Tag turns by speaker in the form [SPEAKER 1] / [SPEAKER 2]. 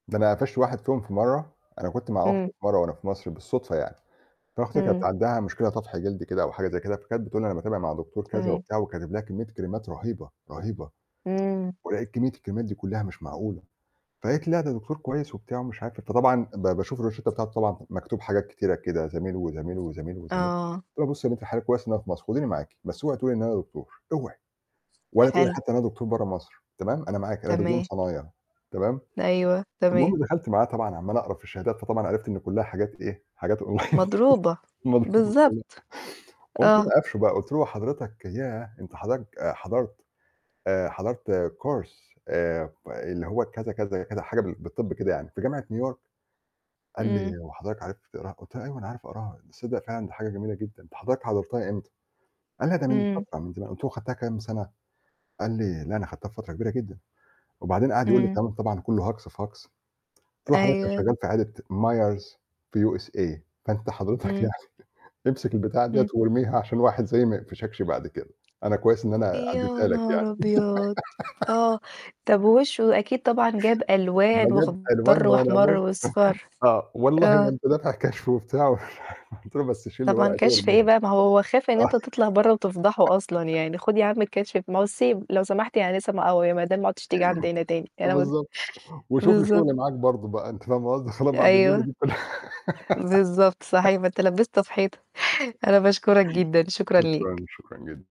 [SPEAKER 1] ده أنا قفشت واحد فيهم في مَرّة، أنا كنت مع أختي
[SPEAKER 2] إمم.
[SPEAKER 1] مَرّة وأنا في مصر بالصدفة يعني، فأختي كانت
[SPEAKER 2] إمم.
[SPEAKER 1] عندها مشكلة طفح جلدي كده أو حاجة زي كده، فكانت بتقول لي أنا باتابع مع دكتور كذا
[SPEAKER 2] تمام.
[SPEAKER 1] وبتاع، وكاتب لها كمّية كريمات رهيبة، رهيبة،
[SPEAKER 2] إمم.
[SPEAKER 1] ولقيت كمّية الكريمات دي كلّها مش معقولة، فقالت لي: "لا، ده دكتور كويس،" وبتاع مش عارفة. فطبعًا ب باشوف الروشتّة بتاعته طبعًا مكتوب حاجات كتيرة كده زميل، وزميل، وزميل، وزميل،
[SPEAKER 2] آه.
[SPEAKER 1] قُلت لها: "بُصّي يا بنت الحلال كويس إن أنا في مصر، خُديني معاكِ، بس اوعي تقول لي إن أنا دكتور، اوعي، ولا تقول لي
[SPEAKER 2] حلو.
[SPEAKER 1] حتّى إن أنا دكتور برّه مصر، تمام، أنا معاكِ، أنا دبلوم
[SPEAKER 2] تمام.
[SPEAKER 1] صنايع تمام."
[SPEAKER 2] أيوه، تمام.
[SPEAKER 1] المهم دَخَلت معاها طبعًا عَمّال أقرا في الشهادات فطبعًا عرفت إن كلّها حاجات إيه، حاجات Online.
[SPEAKER 2] مضروبة،
[SPEAKER 1] مضروبة كلّها.
[SPEAKER 2] بالضبط،
[SPEAKER 1] قُمت أنا
[SPEAKER 2] آه.
[SPEAKER 1] قافشه بقى قُلت له "هو حضرتك ياه! أنت حضرت حضرت آآ حضرت Course آآ ب اللي هو،" كذا، كذا، كذا حاجة بال بالطَب كده يعني في جامعة نيويورك، قال لي
[SPEAKER 2] إمم.
[SPEAKER 1] "هو حضرتك عارف تقراها؟" قُلت له "أيوه أنا عارف أقراها، تصدّق فعلًا دي حاجة جميلة جدًا أنت حضرتك حضرتها إمتى؟" قال "لا، ده من
[SPEAKER 2] إمم.
[SPEAKER 1] فترة، من زمان" قُلت له "خدتها كام سنة؟" قال لي "لا، أنا خدتها في فترة كبيرة جدًا" وبعدين قَعَد يقول لي
[SPEAKER 2] إمم.
[SPEAKER 1] كلام طبعًا كلّه هجص في هجص، قُلت له "حضرتك أنا
[SPEAKER 2] أيوه.
[SPEAKER 1] شغال في عيادة Myers في USA، فأنت حضرتك
[SPEAKER 2] إمم.
[SPEAKER 1] يعني امسك البتاع ديّة
[SPEAKER 2] إمم.
[SPEAKER 1] وارميها عشان واحد زيي ما يقفشكش بعد كده، أنا كويس إن أنا
[SPEAKER 2] يا
[SPEAKER 1] عدّيتها لك يعني."
[SPEAKER 2] نهار أبيض! آه، طب ووشه أكيد طبعًا جاب
[SPEAKER 1] ده
[SPEAKER 2] ألوان
[SPEAKER 1] جاب ألوان
[SPEAKER 2] واخضَر
[SPEAKER 1] ولا
[SPEAKER 2] وأحمَر
[SPEAKER 1] بُصّ
[SPEAKER 2] وأصفَر،
[SPEAKER 1] آه، "والله ما
[SPEAKER 2] آه.
[SPEAKER 1] أنت دافع كشف،" وبتاع قُلت له: "بس شيل
[SPEAKER 2] طبعًا
[SPEAKER 1] الورقة دي
[SPEAKER 2] كشف إيه
[SPEAKER 1] وارميها."
[SPEAKER 2] بقى ما هو خايف إن أنت تطلع برّه وتفضحه أصلًا، يعني خُد يا عم الكشف ب مصيب لو سمحت يعني آنسة م أو يا مدام ما عُدتيش تيجي عندنا، تاني أنا م
[SPEAKER 1] بالضبط، وشوف لي
[SPEAKER 2] بالضبط.
[SPEAKER 1] شغل معاك برضه، بقى أنتِ فاهمة قصدي؟ خلاص بعد الليلة
[SPEAKER 2] أيوه.
[SPEAKER 1] دي كلّها
[SPEAKER 2] بالضبط صحيح، ما أنت لبّسته في حيطة، أنا باشكرك جدًا، شكرًا ليك.
[SPEAKER 1] شكرًا، شكرًا جدًا.